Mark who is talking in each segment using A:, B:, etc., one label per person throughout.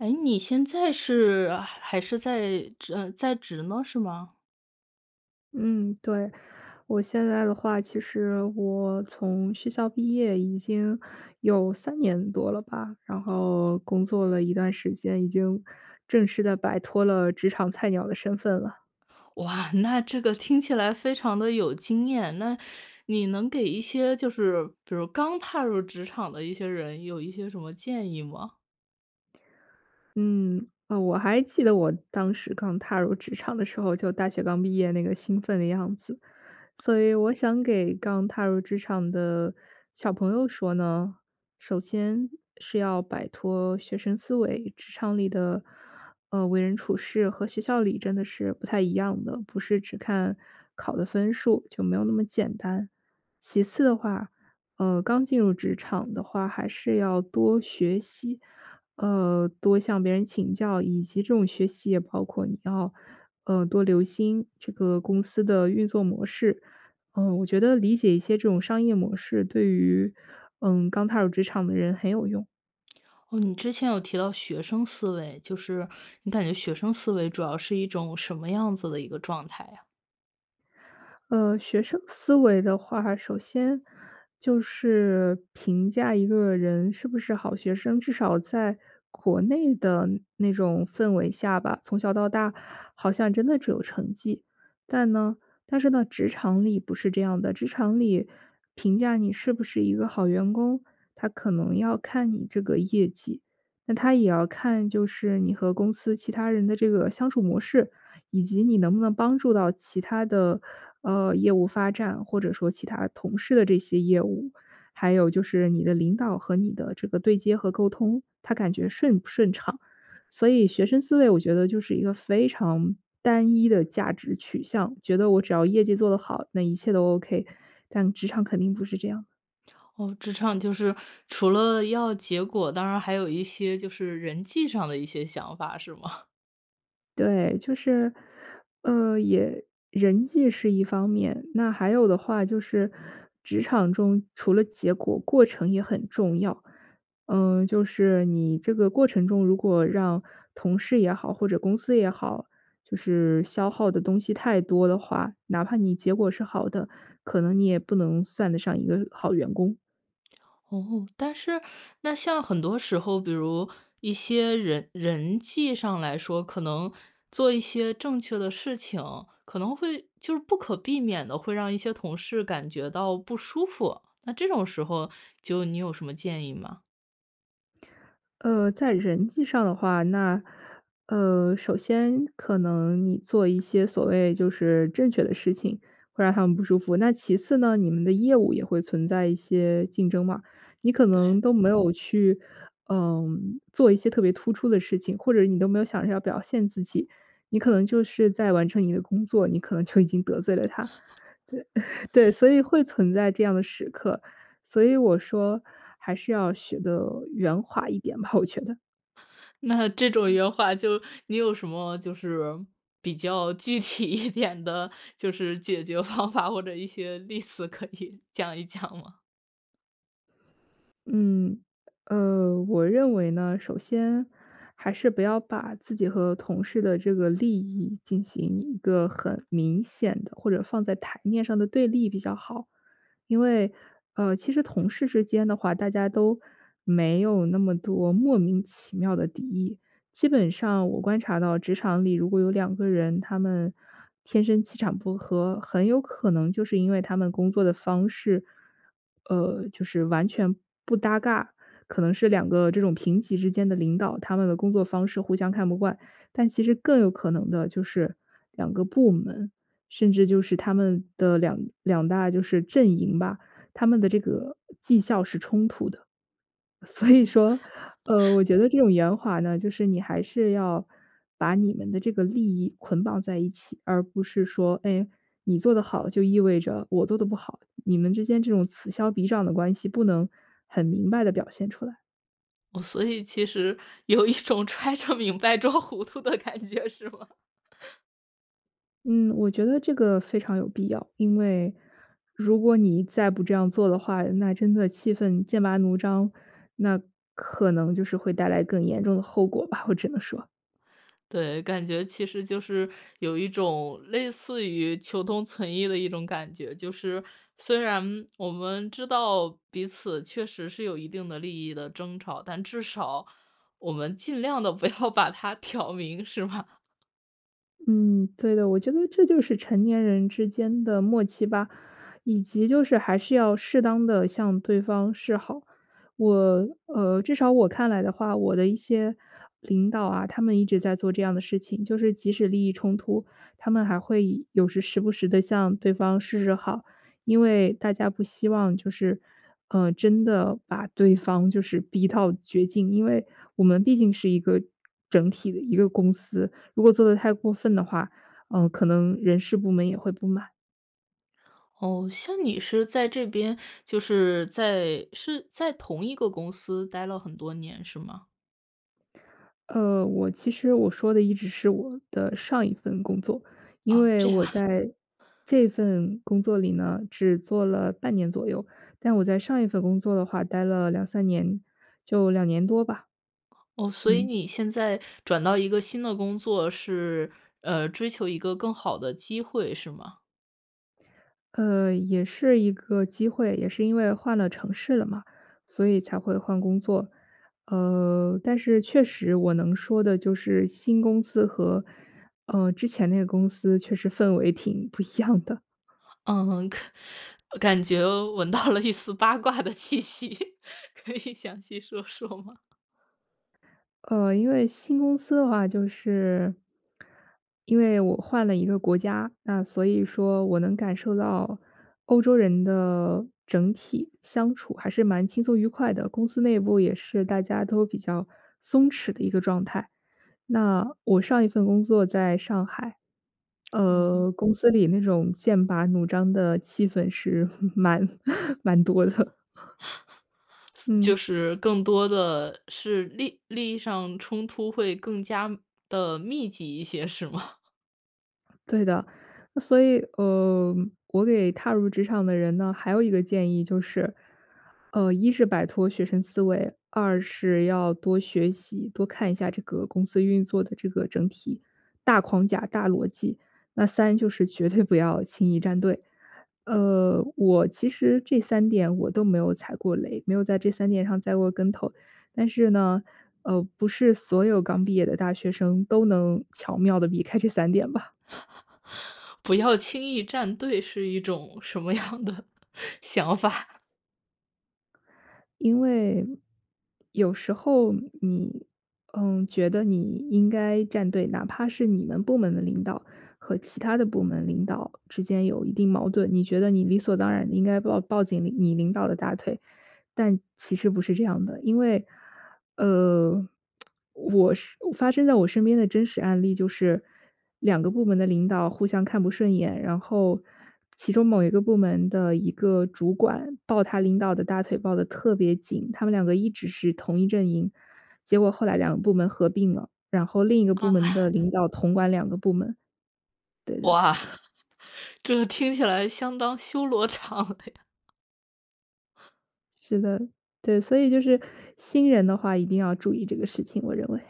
A: 诶，你现在是还是在，职嗯，在职吗，是吗？
B: 嗯，对。我现在的话，其实我从学校毕业已经有3年多了吧，然后工作了一段时间，已经正式地摆脱了职场菜鸟的身份了。
A: 哇，那这个听起来非常的有经验。那你能给一些就是比如刚踏入职场的一些人有一些什么建议吗？
B: 嗯，哦，我还记得我当时刚踏入职场的时候，就大学刚毕业那个兴奋的样子。所以我想给刚踏入职场的小朋友说呢，首先是要摆脱学生思维，职场里的，嗯，为人处事和学校里真的是不太一样的，不是只看考的分数，就没有那么简单。其次的话，呃，刚进入职场的话，还是要多学习，呃，多向别人请教以及这种学习也包括你要，呃，多留心这个公司的运作模式，呃，我觉得理解一些这种商业模式对于，嗯，刚踏入职场的人很有用。
A: 哦，你之前有提到学生思维，就是你感觉学生思维主要是一种什么样子的一个状态呀？
B: 呃，学生思维的话，首先就是评价一个人是不是好学生，至少在国内的那种氛围下吧，从小到大好像真的只有成绩。但呢但是呢，职场里不是这样的，职场里评价你是不是一个好员工，它可能要看你这个业绩。那它也要看，就是你和公司其他人的这个相处模式，以及你能不能帮助到其他的，呃，业务发展，或者说其他同事的这些业务，还有就是你的领导和你的这个对接和沟通，他感觉顺不顺畅。所以学生思维我觉得就是一个非常单一的价值取向，觉得我只要业绩做得好，那一切都 OK，但职场肯定不是这样。
A: 哦，职场就是除了要结果，当然还有一些就是人际上的一些想法，是吗？
B: 对，就是，呃，也人际是一方面，那还有的话就是职场中除了结果过程也很重要。呃，就是你这个过程中，如果让同事也好，或者公司也好，就是消耗的东西太多的话，哪怕你结果是好的，可能你也不能算得上一个好员工。
A: 哦，但是那像很多时候，比如一些人人际上来说，可能做一些正确的事情，可能会就是不可避免地会让一些同事感觉到不舒服，那这种时候就你有什么建议吗？
B: 呃，在人际上的话，那，呃，首先可能你做一些所谓就是正确的事情，会让他们不舒服。那其次呢，你们的业务也会存在一些竞争嘛，你可能
A: 对。
B: 都没有去，呃，做一些特别突出的事情，或者你都没有想着要表现自己，你可能就是在完成你的工作，你可能就已经得罪了他。对 对，所以会存在这样的时刻，所以我说还是要学得圆滑一点吧，我觉得。
A: 那这种
B: 嗯。
A: 圆滑就你有什么就是比较具体一点的，就是解决方法，或者一些例子可以讲一讲吗？
B: 嗯，呃，我认为呢，首先还是不要把自己和同事的这个利益进行一个很明显的，或者放在台面上的对立比较好。因为，呃，其实同事之间的话，大家都没有那么多莫名其妙的敌意，基本上我观察到职场里如果有两个人，他们天生气场不合，很有可能就是因为他们工作的方式，呃，就是完全不搭嘎。可能是两个这种平级之间的领导，他们的工作方式互相看不惯，但其实更有可能的就是两个部门，甚至就是他们的两两大就是阵营吧，他们的这个绩效是冲突的。所以说，呃，我 觉得这种圆滑呢，就是你还是要把你们的这个利益捆绑在一起，而不是说，哎，你做得好就意味着我做得不好，你们之间这种此消彼长的关系不能很明白地表现出来。
A: 哦，所以其实有一种揣着明白装糊涂的感觉，是吗？
B: 嗯，我觉得这个非常有必要，因为如果你再不这样做的话，那真的气氛剑拔弩张，那可能就是会带来更严重的后果吧，我只能说。
A: 对，感觉其实就是有一种类似于求同存异的一种感觉。就是，虽然我们知道彼此确实是有一定的利益的争吵，但至少我们尽量地不要把它挑明，是吧？
B: 嗯，对的，我觉得这就是成年人之间的默契吧。以及就是还是要适当地向对方示好。我呃，至少我看来的话，我的一些领导啊，他们一直在做这样的事情，就是即使利益冲突，他们还会有时时不时地向对方示示好，因为大家不希望就是，呃，真的把对方就是逼到绝境，因为我们毕竟是一个整体的一个公司。如果做得太过分的话，呃，可能人事部门也会不满。
A: 哦，像你是在这边就是在是在同一个公司待了很多年，是吗？
B: 呃，我其实我说的一直是我的上一份工作，因
A: 哦，
B: 为
A: 这样
B: 我
A: 啊。
B: 在这份工作里呢，只做了半年左右，但我在上一份工作的话待了2-3年，就2年多吧。
A: 哦，所以
B: 嗯。
A: 你现在转到一个新的工作，是，呃，追求一个更好的机会，是吗？
B: 呃，也是一个机会，也是因为换了城市了嘛，所以才会换工作。呃，但是确实我能说的就是新公司和，呃，之前那个公司确实氛围挺不一样的。
A: 嗯，可感觉闻到了一丝八卦的气息，可以详细说说吗？
B: 呃，因为新公司的话就是因为我换了一个国家，那所以说我能感受到欧洲人的整体相处还是蛮轻松愉快的，公司内部也是大家都比较松弛的一个状态。那我上一份工作在上海，
A: 嗯哼。
B: 呃，公司里那种剑拔弩张的气氛是 蛮蛮多的。
A: 私
B: 嗯。
A: 就是更多的是利利益上冲突会更加地密集一些是吗？
B: 对的，所以，呃，我给踏入职场的人呢还有一个建议就是，呃，一是摆脱学生思维，二是要多学习，多看一下这个公司运作的这个整体大框架、大逻辑，那三就是绝对不要轻易站队。呃，我其实这三点我都没有踩过雷，没有在这三点上栽过跟头，但是呢，呃，不是所有刚毕业的大学生都能巧妙地避开这三点吧。
A: 不要轻易站队是一种什么样的想法？
B: 因为，有时候你嗯，觉得你应该站队，哪怕是你们部门的领导和其他的部门领导之间有一定矛盾，你觉得你理所当然地应该抱抱紧领你领导的大腿，但其实不是这样的。因为，呃，我是发生在我身边的真实案例就是，2个部门的领导互相看不顺眼，然后其中某一个部门的一个主管抱他领导的大腿抱得特别紧，他们2个一直是同一阵营，结果后来2个部门合并了，然后另一个部
A: 啊？
B: 门的领导统管2个部门。对的。
A: 哇，这听起来相当修罗场了呀。
B: 是的，对，所以就是新人的话一定要注意这个事情，我认为。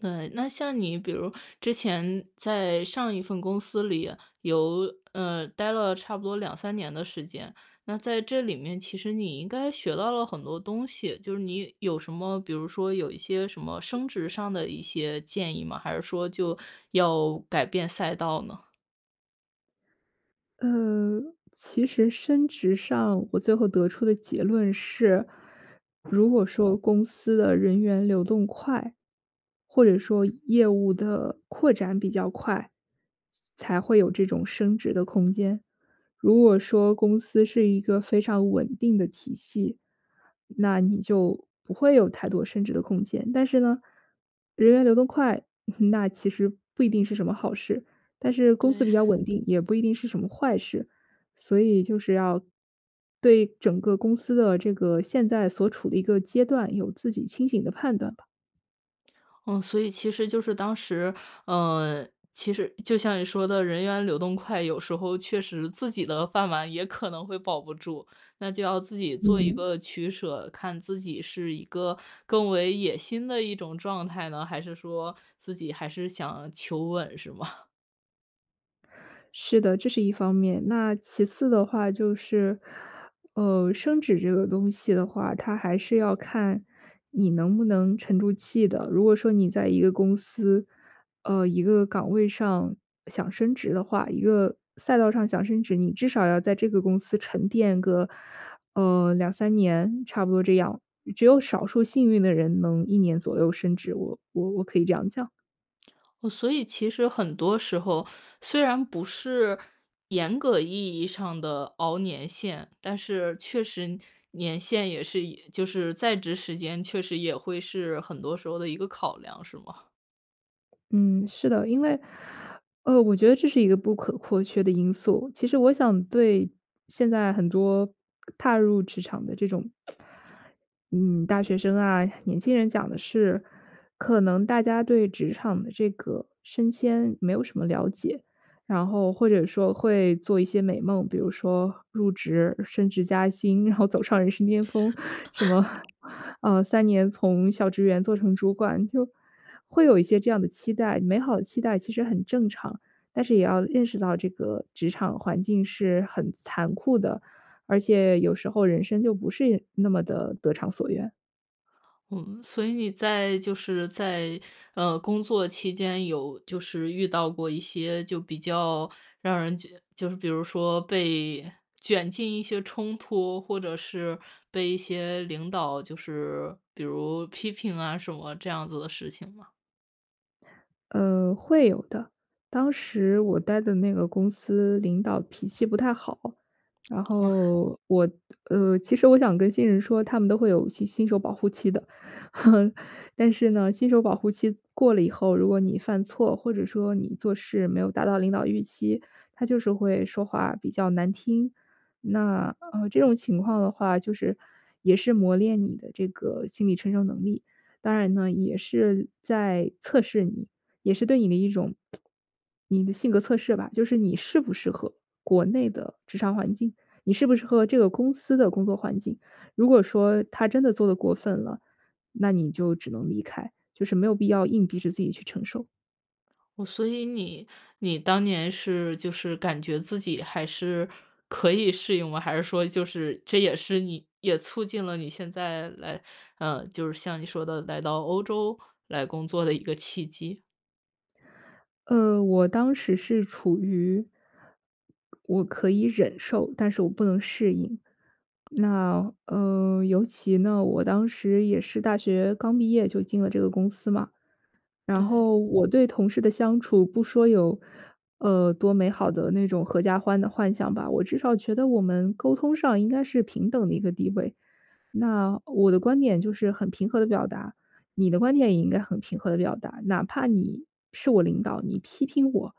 A: 那那像你比如之前在上一份公司里有，呃，待了差不多2-3年的时间。那在这里面，其实你应该学到了很多东西，就是你有什么，比如说有一些什么升职上的一些建议吗？还是说就要改变赛道呢？
B: 呃，其实升职上我最后得出的结论是，如果说公司的人员流动快，或者说业务的扩展比较快，才会有这种升职的空间。如果说公司是一个非常稳定的体系，那你就不会有太多升职的空间。但是呢，人员流动快，那其实不一定是什么好事，但是公司
A: 对。
B: 比较 稳定，也不一定是什么坏事，所以就是要对整个公司的这个现在所处的一个阶段有自己清醒的判断吧。
A: 嗯，所以其实就是当时，呃，其实就像你说的人员流动快，有时候确实自己的饭碗也可能会保不住，那就要自己做一
B: 嗯。
A: 个取舍，看自己是一个更为野心的一种状态呢，还是说自己还是想求稳是吗？
B: 是的，这是一方面，那其次的话就是，呃，升职这个东西的话，它还是要看你能不能沉住气的，如果说你在一个公司，呃，一个岗位上想升职的话，一个赛道上想升职，你至少要在这个公司沉淀个，呃，2-3年，差不多这样，只有少数幸运的人能1年左右升职，我我我可以这样讲。
A: 嗯，所以其实很多时候，虽然不是严格意义上的熬年限，但是确实年限也是就是在职时间确实也会是很多时候的一个考量，是吗？
B: 嗯，是的，因为，呃，我觉得这是一个不可或缺的因素，其实我想对现在很多踏入职场的这种，嗯，大学生啊、年轻人讲的是，可能大家对职场的这个升迁没有什么了解，然后或者说会做一些美梦，比如说入职、升职加薪，然后走上人生巅峰，什么，呃，3年从小职员做成主管，就，会有一些这样的期待。美好的期待其实很正常，但是也要认识到这个职场环境是很残酷的。而且有时候人生就不是那么地得偿所愿。
A: 嗯，所以你在，就是在，呃，工作期间有就是遇到过一些就比较让人觉就是比如说被卷进一些冲突，或者是被一些领导就是，比如批评啊什么，这样子的事情吗？
B: 呃，会有的。当时我待的那个公司领导脾气不太好，然
A: 哦哈。
B: 后我呃，其实我想跟新人说他们都会有新新手保护期的。但是呢，新手保护期过了以后，如果你犯错，或者说你做事没有达到领导预期，他就是会说话比较难听，那，呃，这种情况的话就是也是磨练你的这个心理承受能力，当然呢，也是在测试你，也是对你的一种 你的性格测试吧。就是你适不适合国内的职场环境，你适不适合这个公司的工作环境。如果说他真的做得过分了，那你就只能离开，就是没有必要硬逼着自己去承受。
A: 哦，所以你你当年是就是感觉自己还是可以适应吗？还是说就是这也是你也促进了你现在来呃，就是像你说的来到欧洲来工作的一个契机？
B: 呃，我当时是处于我可以忍受，但是我不能适应。那，呃，尤其呢，我当时也是大学刚毕业就进了这个公司嘛。然
A: 对。
B: 后我对同事的相处不说有，呃，多美好的那种阖家欢的幻想吧，我至少觉得我们沟通上应该是平等的一个地位。那我的观点就是很平和地表达，你的观点也应该很平和地表达。哪怕你是我领导，你批评我，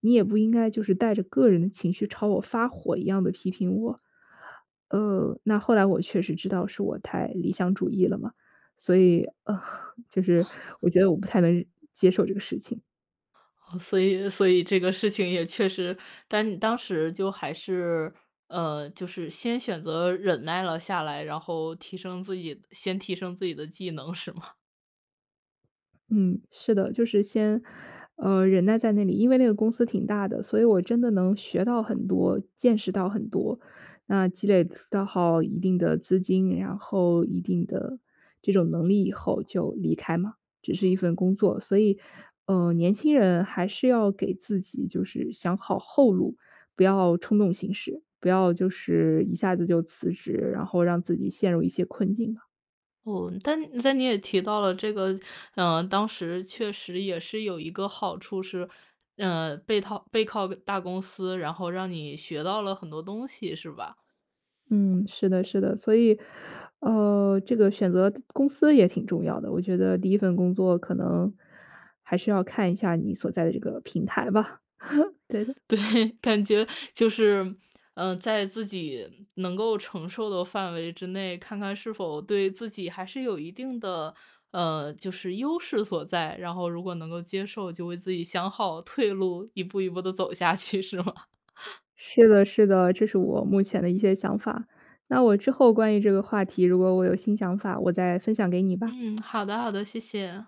B: 你也不应该就是带着个人的情绪朝我发火一样的批评我。呃，那后来我确实知道是我太理想主义了嘛，所以，呃，就是我觉得我不太能接受这个事情。
A: 哦，所以所以这个事情也确实，但你当时就还是，呃，就是先选择忍耐了下来，然后提升自己，先提升自己的技能是吗？
B: 嗯，是的，就是先，呃，忍耐在那里，因为那个公司挺大的，所以我真的能学到很多，见识到很多，那积累到好一定的资金，然后一定的这种能力以后就离开嘛，只是一份工作，所以，呃，年轻人还是要给自己就是想好后路，不要冲动行事，不要就是一下子就辞职，然后让自己陷入一些困境嘛。
A: 哦，但但你也提到了这个，呃，当时确实也是有一个好处是，呃，背套背靠大公司，然后让你学到了很多东西是吧？
B: 嗯，是的是的，所以，呃，这个选择公司也挺重要的，我觉得第1份工作可能还是要看一下你所在的这个平台吧，对的。
A: 对，感觉就是，呃，在自己能够承受的范围之内，看看是否对自己还是有一定的，呃，就是优势所在，然后如果能够接受，就为自己想好退路，一步一步地走下去是吗？
B: 是的是的，这是我目前的一些想法，那我之后关于这个话题如果我有新想法我再分享给你吧。
A: 嗯，好的好的，谢谢。